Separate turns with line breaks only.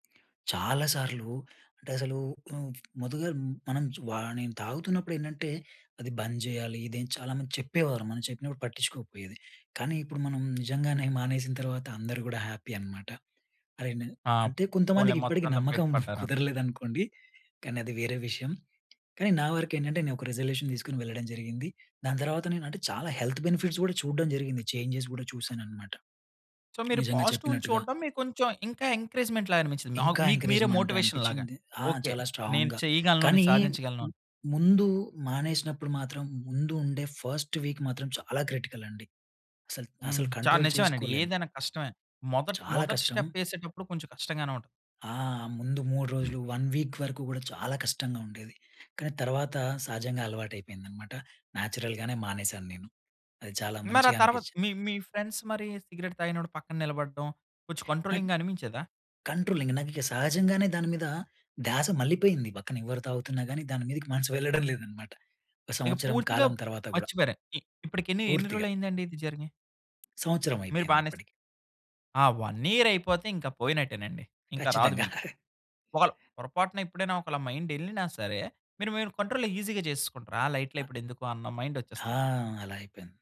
చాలా సార్లు అంటే, అసలు హ్మ్, ముందుగా మనం వాని తాగుతున్నప్పుడు ఏంటంటే, అది బంజేయాలి, ఇదేం చాలామంది చెప్పేవారు. మనం చెప్పినప్పుడు పట్టించుకోకపోయేది. కానీ, ఇప్పుడు మనం నిజంగానే మానేసిన తర్వాత అందరూ గూడా, హ్యాపీ అనమాట. అరే! నే
ఆ!
అంటే
పోన్లే,
కొంతమందికి ఇప్పటికి
మొత్తంలో బయట
నమ్మకం
పడ్డారా?
కుదరలేదు అనుకోండి. కానీ, అది వేరే విషయం. కానీ, నా వరకేంటంటే, నేనొక రిజల్యూషన్ తీసుకొని వెళ్లడం జరిగింది. దాని తర్వాత, నేను అంటే, చాలా హెల్త్ బెనిఫిట్స్ కూడా చూడడం జరిగింది. చేంజెస్ గూడా చూసాననమాట,
సో, మీరు
నిజంగా
పాజిటివ్‌ని
చెప్పినట్టుగా.
చూడ్డం, మీకు కొంచెం ఇంకా ఎంకరేజ్మెంట్‌ లాగా అనిపించింది, నాక్
ఇంకా
మీకు, మీరే
ఎంకరేజ్మెంట్
మోటివేషన్‌ లాగ.
అనిపించింది. ఆ!
ఓకె,
చాలా
నేను
స్ట్రాంగ్‌గా,
చేయగలను, నేను
కానీ,
సాధించగలను.
ముందు మానేసినప్పుడు మాత్రం, ముందు ఉండే ఫస్ట్ వీక్ మాత్రం చాలా క్రిటికల్ అండి. అసలు,
హ్మ్.
అసలు
చాలా
కంట్రోల్
నిజమేనండి,
చేసుకోలేము.
ఏదైనా కష్టమే. మొదటి
చాలా
మొదటి
కష్టం.
స్టెప్ ఏసేటప్పుడు కొంచెం కష్టంగానే ఉంటది.
ఆ! ముందు 3 రోజులు, 1 వీక్ వరకు గూడా చాలా కష్టంగా ఉండేది. కానీ, తర్వాత సహజంగా అలవాటు అయిపోయిందనమాట. నేచురల్‍గానే మానేసాను నేను. అది చాలా
మరి ఆ తర్వాత్
మంచిగనిపించింది.
మీ మీ ఫ్రెండ్స్ మరి, సిగరెట్ తాగినప్పుడు పక్కన నిలబడడం, కొంచెం
నాక్
కంట్రోలింగ్‌గా అనిపించేదా?
కంట్రోలింగ్, నాకిగ సహజంగానే దాని మీద ధ్యాస మళ్ళిపోయింది. పక్కన ఎవరు తాగుతున్నా గాని, దాని మీదకి మనసు వెళ్లడం లేదన్నమాట.
ఇగ
సంవత్సరం
పూర్తిగా
కాలం తర్వాత గుడ.
మర్చిపోయారు. ఇ ఇప్పటికి ఎన్ని
పూర్తిగా.
రోజులు అయిందండి ఇది జరిగి?
సంవత్సరం
మీరు
అయిపోయింది
బానే
ఇప్పటికి.
ఆ! 1 ఇయర్ అయిపోతే, ఇంక పోయినట్టేనండి. ఇంక రాదు
ఖచ్చితంగా.
మీకు. ఒకల పొరపాటున ఎప్పుడైనా ఒకళ్ళ మైండ్ ఎళ్ళినా సరే, మీరు మీరు కంట్రోల్‌లో ఈసీగా చేసేసుకుంటారు. ఆ! లైట్‌‌లే
అ
ఇప్పుడెందుకు అన్న
ఆ!
మైండొచ్చేస్తది.
అలా అయిపోయింది.